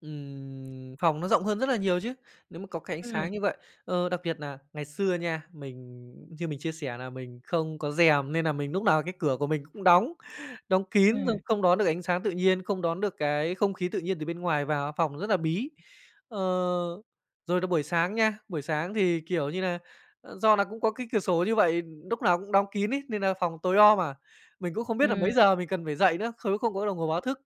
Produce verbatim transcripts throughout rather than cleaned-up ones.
Ừm, phòng nó rộng hơn rất là nhiều chứ, nếu mà có cái ánh Ừm. sáng như vậy. Ờ, đặc biệt nà ngày xưa nha, mình như mình chia sẻ nà mình không có rèm nên nà mình núc nào cái cửa của mình cũng đóng, đóng kín, xong Ừm. không đón được ánh sáng tự nhiên, không đón được cái không khí tự nhiên từ bên ngoài vào, phòng rất là bí. Ờ, rồi là buổi sáng nha, buổi sáng thì, kiểu như là, ờ, do là cũng có cái cửa sổ như vậy, lúc nào cũng đóng kín ấy nên nà phòng tối om à, mình cũng không biết là mấy Ừ. giờ mình cần phải dậy nữa, không nếu không có đồng hồ báo thức.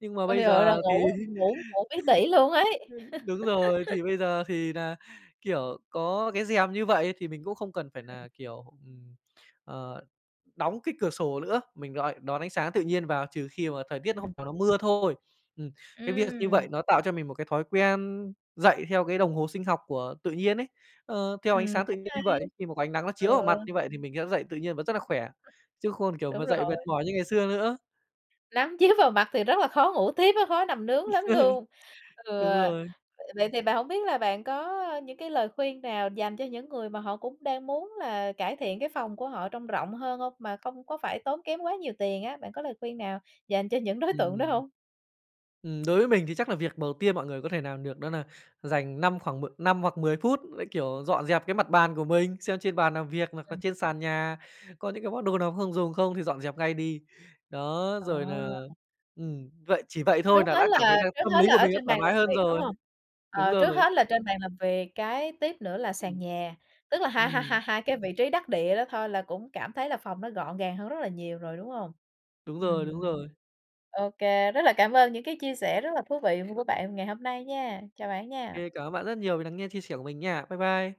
Nhưng mà Ôi bây giời ơi, là giờ, thì ngủ ngủ ngủ bí tỉ luôn ấy. Ơ, đúng rồi, thì bây giờ thì nà, kiểu, có cái rèm như vậy thì mình cũng không cần phải Ừm. nà, kiểu, ừm, ờ, đóng cái cửa sổ lữa, mình rọi đón ánh sáng tự nhiên vào trừ khi mà thời tiết hôm Ừm. nào nó mưa thôi. Ừm, cái việc như vậy Ừm. nó tạo cho mình một cái thói quen dậy theo cái đồng hồ sinh học của tự nhiên ấy, ơ, theo ánh Ừm, sáng tự cũng nhiên như hay. vậy, khi mà có ánh nắng nó chiếu vào Ừ. mặt như vậy thì mình sẽ dậy tự nhiên và rất là khỏe. Chứ không, kiểu, Đúng mà dậy mệt rồi. mỏi như ngày xưa nữa. Nắng chiếu vào mặt thì rất là khó ngủ tiếp á, khó nằm nướng lắm luôn. Ừ, Đúng vậy rồi. vậy thì bạn hông biết là bạn có những cái lời khuyên nào dành cho những người mà họ cũng đang muốn là cải thiện cái phòng của họ trông rộng hơn không, mà không có phải tốn kém quá nhiều tiền á? Bạn có lời khuyên nào dành cho những đối tượng đó Ừm. hông? Ừm, đối với mình thì chắc là việc đầu tiên mọi người có thể nàm được đó nà dành năm khoảng m năm hoặc mười phút lại, kiểu, dọn dẹp cái mặt bàn của mình, xem trên bàn nàm việc hoặc nà Ừm. trên sàn nhà, có những cái món đồ nào không dùng không thì dọn dẹp ngay đi. Đó, Ờ. rồi nà, ừm, vậy chỉ vậy Trước thôi nà hết đã cảm thấy là là trước tâm hết lý là của ở mình nó trên thoải bàn mái làm hơn việc, đúng rồi, hông? đúng Ờ, rồi. trước hết là trên bàn làm việc, cái tiếp nữa là sàn Ừm. nhà, tức là hai hai Ừm. hai hai cái vị trí đắc địa đó thôi là cũng cảm thấy là phòng nó gọn gàng hơn rất là nhiều rồi, đúng hông? Đúng rồi, đúng Ừm, rồi. ô kê, rất là cảm ơn những cái chia sẻ rất là thú vị của của bạn ngày hôm nay nha. Chào bạn nha. Kê, cảm ơn bạn rất nhiều vì nắng nghe chia sẻ của mình nha. Bye bye.